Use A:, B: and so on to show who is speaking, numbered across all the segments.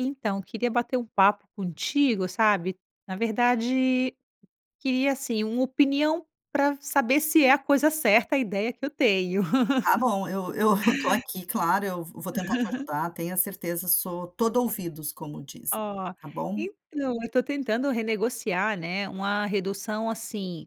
A: Então queria bater um papo contigo, sabe? Na verdade, queria assim uma opinião pra saber se é a coisa certa, a ideia que eu tenho.
B: Tá bom, eu eu eu tô aqui, claro, eu vou tentar te ajudar. Tenha certeza, eu sou todo ouvidos, como dizem,
A: Ó,
B: tá bom?
A: então eu estou tentando renegociar, né, uma redução assim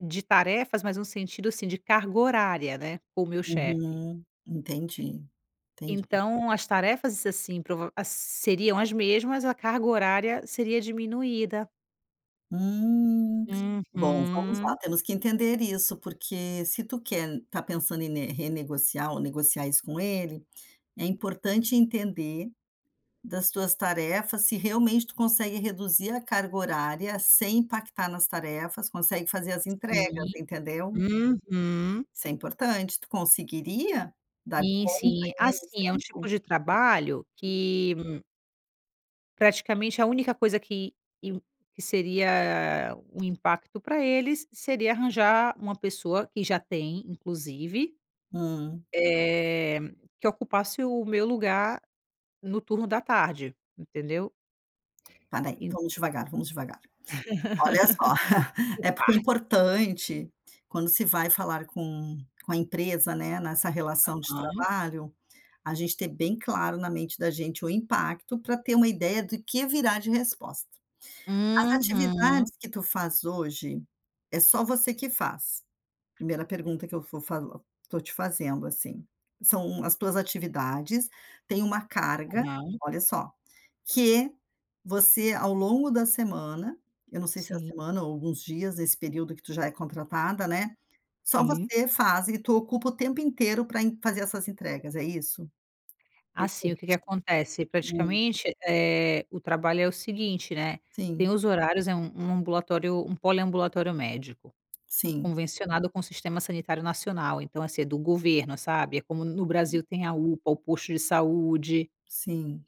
A: de tarefas, mas no sentido assim de carga horária, né, com o meu chefe.
B: Uhum, entendi, entendi.
A: Então as tarefas assim prova a seriam as mesmas, a carga horária seria diminuída.
B: Hum, bom, vamos lá,
A: Uhum.
B: temos que entender isso, porque se tu quer está pensando em ne renegociar ou negociar isso com ele, é importante entender das tuas tarefas, se realmente tu consegue reduzir a carga horária sem impactar nas tarefas, consegue fazer as entregas,
A: Sim,
B: entendeu?
A: uhum.
B: Isso é importante. Tu conseguiria dar
A: Sim,
B: conta
A: sim,
B: em menos
A: assim é um tipo
B: tempo?
A: de trabalho que Praticamente, a única coisa que in que seria um impacto para eles, seria arranjar uma pessoa que já tem, inclusive,
B: Hum.
A: eh, que ocupasse o meu lugar no turno da tarde. Entendeu?
B: Para aí,
A: Eu
B: vamos devagar. Vamos devagar. Olha só,
A: Por
B: é porque é
A: partes.
B: importante, quando se vai falar com com a empresa, né? Nessa relação de
A: Aham.
B: trabalho, a gente ter bem claro, na mente da gente, o impacto pra ter uma ideia do que virá de resposta. As
A: Uhum.
B: atividades que tu faz hoje, é só você que faz. Primeira pergunta que eu vou falo tô te fazendo, assim, são as tuas atividades. Têm uma carga,
A: Aham.
B: olha só, que você, ao longo da semana eu não sei se a
A: Sim.
B: semana ou alguns dias nesse período que tu já é contratada, né? Só
A: Sim.
B: você faz e tu ocupa o tempo inteiro para en fazer essas entregas. É isso? Vem
A: Assim,
B: corrigi
A: o que que acontece?
B: hum.
A: Praticamente, eh, o trabalho é o seguinte, né: tem
B: Sim.
A: os horários, é um um ambulatório um poliambulatório médico
B: Sim.
A: convencionado com o sistema sanitário nacional, então, assim, é do governo, sabe? É como no
B: Ok.
A: Brasil. Tem a UPA, o posto de saúde.
B: Sim.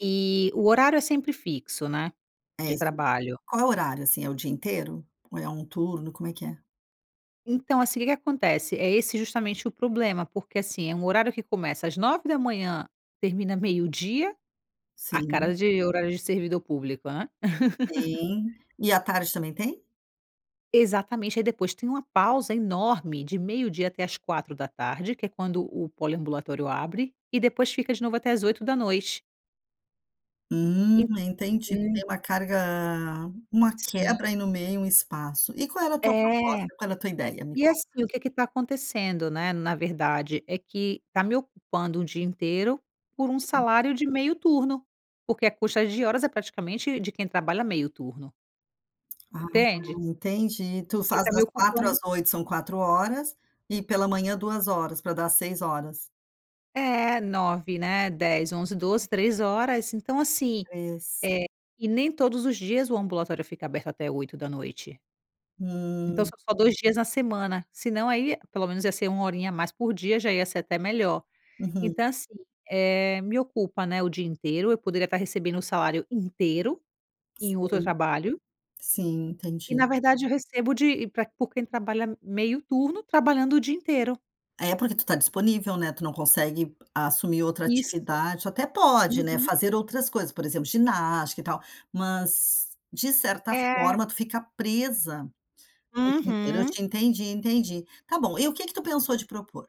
A: E o horário é sempre fixo, né,
B: É,
A: de
B: isso.
A: trabalho.
B: Qual é o horário, assim, é o dia inteiro? Ou é um turno? Como é que é?
A: Então, assim, o que que acontece? É esse justamente o problema, porque, assim, é um horário que começa às 9h, termina meio-dia. A
B: Sim.
A: cara de horário de servidor público, hã.
B: Tem. E à tarde também tem?
A: Exatamente. Aí depois tem uma pausa enorme de meio-dia até às 16h, que é quando o poliambulatório abre, e depois fica de novo até às 20h.
B: Hum,
A: En
B: entendi. Tu tem
A: hum.
B: uma carga uma
A: Sim.
B: quebra aí no meio, um espaço. E qual era a tua
A: É.
B: proposta? Qual era tua ideia? Me
A: E,
B: conta.
A: assim, o que que tá acontecendo, né, na verdade, é que tá me ocupando um dia inteiro, por um
B: Sim.
A: salário de meio turno. Porque a custa de horas é praticamente de quem trabalha meio turno.
B: Ah,
A: Entende?
B: entendi. Tu
A: Ele
B: faz
A: tá me
B: das 16h às
A: ocupando
B: 20h, são 4 horas, e pela manhã 2 horas, pra dar 6 horas.
A: É, 9h, né, 10h, 11h, 12h, 3 horas. Então, assim,
B: 3.
A: eh, e nem todos os dias o ambulatório fica aberto até 20h. Então
B: Hum.
A: são só 2 dias na semana, se não aí pelo menos ia ser 1 horinha a mais por dia, já ia ser até melhor.
B: Uhum.
A: Então assim, eh, me ocupa, né, o dia inteiro, eu poderia estar recebendo o salário inteiro, em outro
B: Sim.
A: trabalho
B: Sim,
A: e
B: entendi.
A: na verdade eu recebo de e pra por quem trabalha meio turno, trabalhando o dia inteiro.
B: É, porque tu tá disponível, né. Tu não consegue assumir outra
A: Isso.
B: atividade tu até pode, né,
A: Uhum.
B: fazer outras coisas, por exemplo, ginástica e tal. Mas, de certa
A: É.
B: forma, tu fica presa o dia inteiro. Eu
A: Uhum.
B: te entendi, entendi. Tá bom, e o que que tu pensou de propor?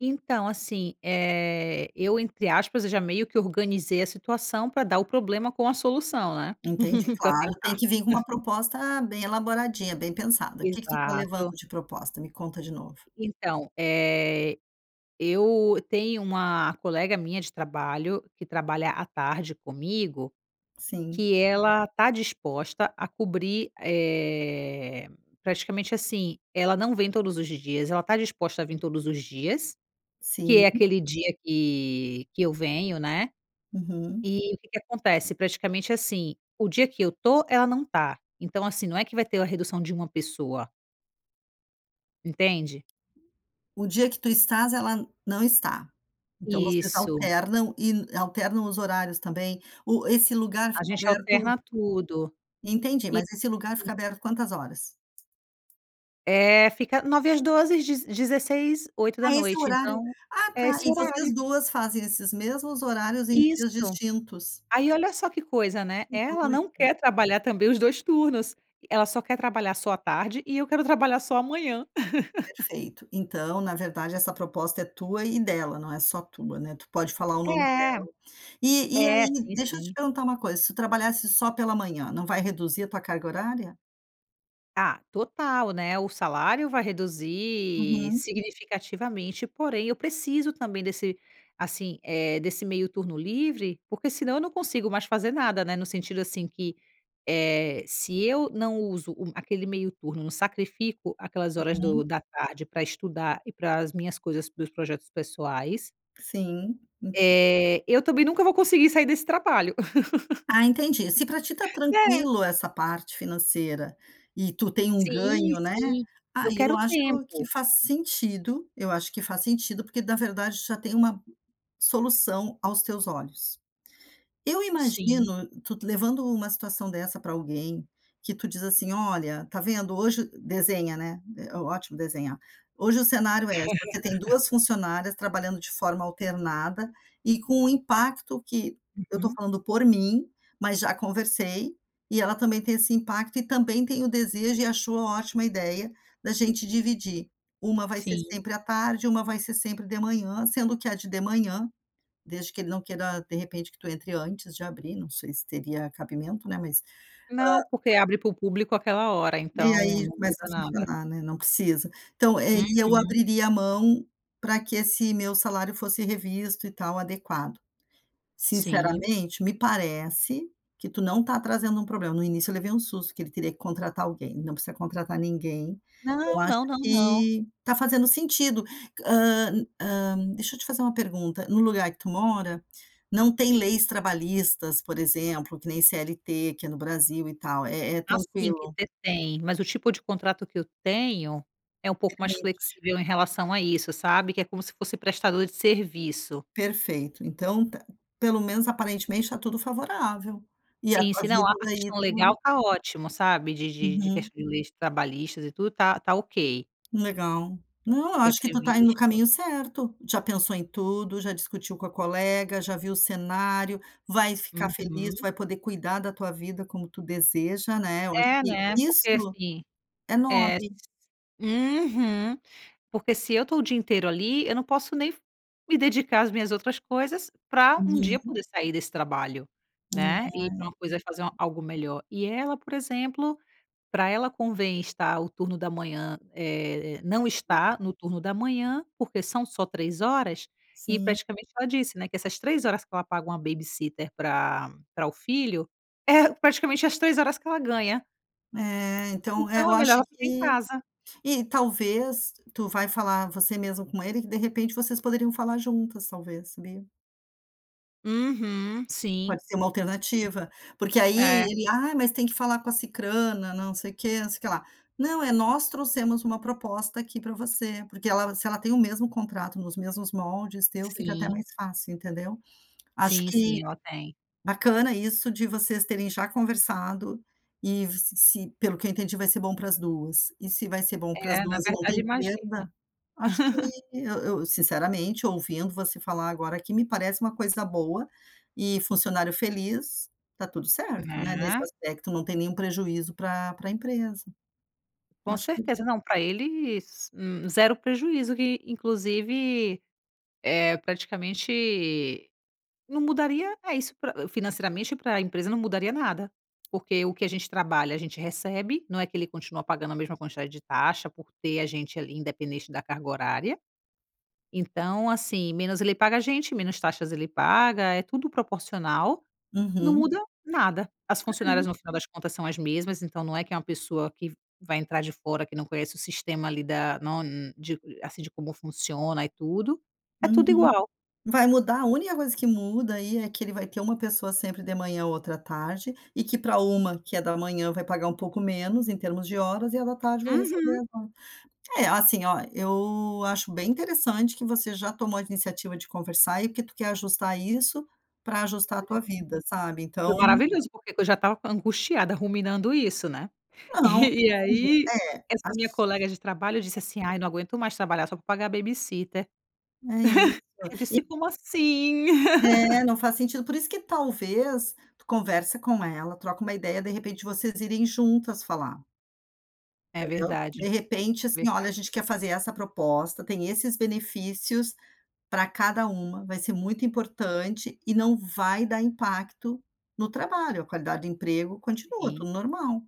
A: Então, assim, eh, eu, entre aspas, eu já meio que organizei a situação para dar o problema com a solução, né.
B: Entendi.
A: Para
B: Claro, tem
A: tentar.
B: que vir com uma proposta bem elaboradinha, bem pensada. O que que tu tá levando
A: Exato.
B: de proposta? Me conta de novo.
A: Então, eh, eu tenho uma colega minha de trabalho, que trabalha à tarde comigo,
B: Sim.
A: que ela tá disposta a cobrir, eh, praticamente assim, ela não vem todos os dias, ela está disposta a vir todos os dias, que é
B: Sim.
A: aquele dia que que eu venho, né.
B: Uhum.
A: E, o que que acontece, praticamente assim, o dia que eu estou, ela não tá. Então assim, não é que vai ter a redução de uma pessoa. Entende?
B: O dia que tu estás, ela não está. Então vocês
A: Isso.
B: alternam e alternam os horários, também. O esse lugar
A: A
B: fica
A: gente
B: aberto
A: alterna tudo
B: Entendi,
A: e
B: mas esse lugar
A: sim.
B: fica aberto quantas horas?
A: É, fica 9h às 12h; deze dezesseis, oito da
B: Ah, esse
A: noite.
B: horário.
A: Então
B: Ah,
A: é
B: tá.
A: esse
B: E
A: horário.
B: vocês 2 fazem esses mesmos horários em dias
A: Isso.
B: distintos.
A: Aí, olha, só que coisa, né?
B: Que
A: Ela não
B: doido.
A: quer trabalhar também os 2 turnos. Ela só quer trabalhar só à tarde, e eu quero trabalhar só manhã.
B: Perfeito, então, na verdade, essa proposta é tua e dela. Não é só tua, né? Tu pode falar o
A: É.
B: nome dela. E e
A: É,
B: aí,
A: sim,
B: deixa eu te
A: sim.
B: perguntar uma coisa: se tu trabalhasse só pela manhã, não vai reduzir a tua carga horária?
A: Ah, total, né? O salário vai reduzir
B: Uhum.
A: significativamente, porém eu preciso também desse, assim, eh, desse meio turno livre, porque, senão, eu não consigo mais fazer nada, né? No sentido, assim, que, eh, se eu não uso o aquele meio turno, não sacrifico aquelas horas
B: Uhum.
A: do da tarde para estudar e para as minhas coisas, para os projetos pessoais
B: Sim, en
A: Eh, eu também nunca vou conseguir sair desse trabalho.
B: Ah, entendi. Se pra ti tá
A: É.
B: tranquilo essa parte financeira, e tu tem um
A: Sim,
B: ganho, né,
A: sim, eu
B: aí eu
A: quero
B: acho que
A: tempo.
B: faz sentido. Eu acho que faz sentido porque, na verdade, tu já tem uma solução aos teus olhos. Eu
A: Sim.
B: imagino tu levando uma situação dessa pra alguém, que tu diz assim: "Olha, tá vendo? Hoje" desenha, né, é ótimo desenhar. "Hoje o cenário é: você tem duas funcionárias trabalhando de forma alternada e, com o impacto que eu tô
A: Uhum.
B: falando por mim, mas já conversei, e ela também tem esse impacto e também tem o desejo, e achou ótima a ideia da gente dividir: uma vai ser
A: Sim.
B: sempre à tarde, uma vai ser sempre de manhã, sendo que a de de manhã", desde que ele não queira, de repente, que tu entre antes de abrir. Não sei se teria cabimento, né. Mas hã"
A: Não, porque
B: [unintelligible]
A: abre para o público aquela hora,
B: "e
A: então
B: aí
A: não
B: começa a
A: muda nada.
B: funcionar, né. Não precisa. Então, eh, e eu
A: Uhum.
B: abriria a mão pra que esse meu salário fosse revisto e tal adequado."
A: Sim.
B: Sinceramente, me parece que tu não tá trazendo um problema. No início eu levei um susto que ele teria que contratar alguém, não precisa contratar ninguém. Eu
A: Não,
B: acho
A: não, não, não.
B: que tá fazendo sentido. Hã hã, deixa eu te fazer uma pergunta: no lugar que tu mora não tem leis trabalhistas, por exemplo, que nem CLT, que é no Brasil e tal é é
A: Assim, que
B: tranquilo?
A: ter tem, mas o tipo de contrato que eu tenho é um pouco mais
B: Permite.
A: flexível em relação a isso, sabe, que é como se fosse prestador de serviço.
B: Perfeito, então tá, pelo menos aparentemente tá tudo favorável e a
A: Sim,
B: tua
A: se não há
B: vida,
A: a
B: daí
A: questão
B: tu
A: legal, tá ótimo, sabe, de de de ques
B: Uhum.
A: de leis trabalhistas e tudo, tá tá ok.
B: Legal, não,
A: O
B: eu
A: que é
B: acho que tu tá indo no
A: previsto.
B: caminho certo. Já pensou em tudo, já discutiu com a colega, já viu o cenário, vai ficar feliz,
A: Uhum.
B: vai poder cuidar da tua vida como tu deseja, né. Eu acho
A: É,
B: que
A: né. Porque
B: isso
A: assim,
B: é
A: é s
B: nobre.
A: uhum. Porque se eu tô o dia inteiro ali, eu não posso nem f me dedicar às minhas outras coisas pra um dia
B: Uhum.
A: poder sair desse trabalho,
B: É ai.
A: né, ir pra uma coisa, fazer algo melhor. E ela, por exemplo, pra ela convém estar o turno da manhã, eh, não estar no turno da manhã, porque são só três horas e,
B: Sim.
A: praticamente, ela disse, né, que essas 3 horas que ela paga uma babysitter pra pra o filho é praticamente as 3 horas que ela ganha.
B: É, então é,
A: Então
B: eu
A: é melhor
B: acho
A: ela ficar em
B: que
A: casa.
B: e talvez, tu vai falar você mesmo com ele que, de repente, vocês poderiam falar juntas, talvez, sabia.
A: Uhum, sim, sim.
B: Pode ser uma alternativa, porque aí
A: É.
B: ele: "Ah, mas tem que falar com a Sicrana. Não sei o quê, não sei que lá", não, é: "Nós trouxemos uma proposta aqui para você", porque ela se ela tem o mesmo contrato nos mesmos moldes teu, fica até
A: Sim.
B: mais fácil, entendeu. Acho
A: Sim,
B: que
A: sim, ela tem.
B: bacana isso de vocês terem já conversado e se se, pelo que eu entendi, vai ser bom para as 2. E se vai ser bom para as
A: É, na
B: 2 e não
A: verdade,
B: tem
A: imagina.
B: perda. Acho que eu eu sinceramente, ouvindo você falar agora que me parece uma coisa boa. E funcionário feliz, tá tudo certo, né. Nesse
A: Né.
B: aspecto, não tem nenhum prejuízo para para a empresa.
A: Com
B: Acho que
A: certeza. Não pra eles, hum, 0 prejuízo. Que, inclusive, eh, praticamente não mudaria É isso: pra financeiramente, para a empresa, não mudaria nada. Porque o que a gente trabalha, a gente recebe. Não é que ele continua pagando a mesma quantidade de taxa por ter a gente ali, independente da carga horária. Então, assim, menos ele paga a gente, menos taxas ele paga. É tudo proporcional, não
B: Uhum.
A: muda nada. As funcionárias,
B: É.
A: no final das contas, são as mesmas. Então não é que é uma pessoa que vai entrar de fora, que não conhece o sistema ali da não de assim, de como funciona e tudo. É tudo
B: Uhum.
A: igual.
B: Vai mudar. A única coisa que muda aí é que ele vai ter uma pessoa sempre de manhã, outra tarde, e que para uma que é da manhã, vai pagar um pouco menos em termos de horas, e a da tarde vai receber
A: Uhum.
B: [unintelligible] É, assim, ó, eu acho bem interessante que você já tomou a iniciativa de conversar e que tu quer ajustar isso para ajustar a tua vida, sabe.
A: [unintelligible] Foi
B: Então
A: maravilhoso, porque eu já estava angustiada ruminando isso, né. E
B: Não,
A: e
B: assim
A: aí
B: é. Ach
A: essa minha colega de trabalho, disse
B: [unintelligible]
A: assim: "Ai, não aguento mais trabalhar só para pagar a babysitter".
B: É isso
A: Eu
B: e
A: disse: "Como assim?"
B: É, não faz sentido. Por isso que, talvez, tu conversa com ela, troca uma ideia. De repente, vocês irem juntas falar.
A: É
B: Entendeu? De
A: verdade,
B: repente, assim: "Olha, a
A: verdade.
B: gente quer fazer essa proposta. Tem esses benefícios para cada uma. Vai ser muito importante e não vai dar impacto no trabalho. A qualidade do emprego continua,
A: Sim.
B: tudo normal".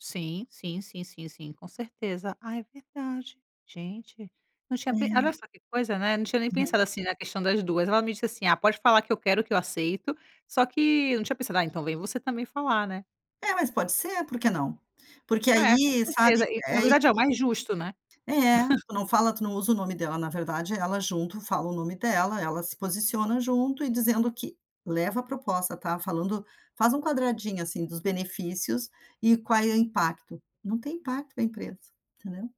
A: Sim, sim, sim, sim, sim, com certeza. Ah, é verdade, gente, não tinha pe
B: É.
A: olha só que coisa, né. Não tinha nem
B: Uhum.
A: pensado assim na questão das 2. Ela me disse assim: "Ah, pode falar que eu quero, que eu aceito". Só que eu não tinha pensado: "Ah, então vem você também falar, né".
B: É, mas pode ser, por que não? Porque
A: É, com
B: aí, sabe,
A: certeza e
B: é
A: na
B: [unintelligible]
A: verdade é o mais justo, né.
B: É, tu não fala, tu não usa o nome dela. Na verdade, ela, junto, fala o nome dela. Ela se posiciona junto e dizendo que leva a proposta, tá falando faz um quadradinho, assim, dos benefícios e qual é o impacto. Não tem impacto na empresa, entendeu?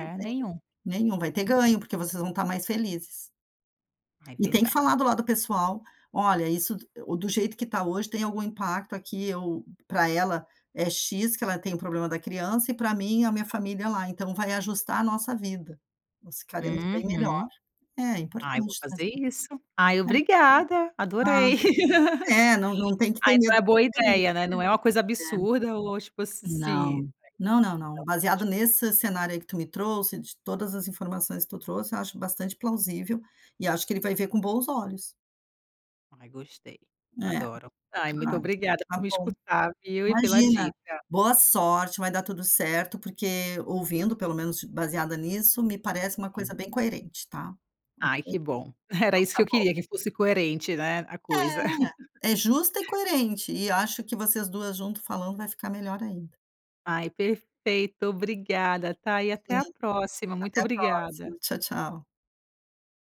B: Não tem
A: nenhum,
B: nenhum. Vai ter
A: nenhum.
B: ganho, porque vocês vão estar mais felizes.
A: Ah, é
B: E tem que falar
A: verdade.
B: do lado do pessoal. "Olha, isso do jeito que está hoje, tem algum impacto aqui. Eu para ela é X, que ela tem o problema da criança, e para mim, a minha família lá. Então vai ajustar a nossa vida. Nós ficaremos bem melhor".
A: Uhum.
B: É
A: Ah, eu vou
B: importante
A: fazer
B: trazer isso.
A: isso. Ai, obrigada,
B: É. Ah,
A: adorei.
B: é, não não tem que
A: Ah,
B: ter medo
A: então é
B: de
A: boa
B: ser feliz,
A: ideia, né? Não é uma coisa
B: né.
A: absurda ou tipo se
B: É.
A: se
B: Não, não, não, não. Baseado
A: [unintelligible]
B: nesse cenário aí que tu me trouxe, de todas as informações que tu trouxe, eu acho bastante plausível e acho que ele vai ver com bons olhos.
A: Ai, gostei,
B: É,
A: adoro. Ai muito
B: ah,
A: obrigada por
B: tá
A: me
B: bom.
A: escutar, viu e pela
B: Imagina.
A: dica.
B: Boa sorte, vai dar tudo certo. Porque, ouvindo, pelo menos baseada nisso, me parece uma coisa
A: [unintelligible]
B: bem coerente tá,
A: Ai
B: ok.
A: que bom. Era
B: Então
A: isso que
B: tá
A: eu
B: bom.
A: queria que fosse coerente, né. A coisa.
B: É, é justa e coerente, e acho que vocês 2 junto falando vai ficar melhor ainda.
A: Ai perfeito. Obrigada, tá e até
B: Sim,
A: a próxima. Muito
B: até a
A: obrigada.
B: próxima. Tchau, tchau.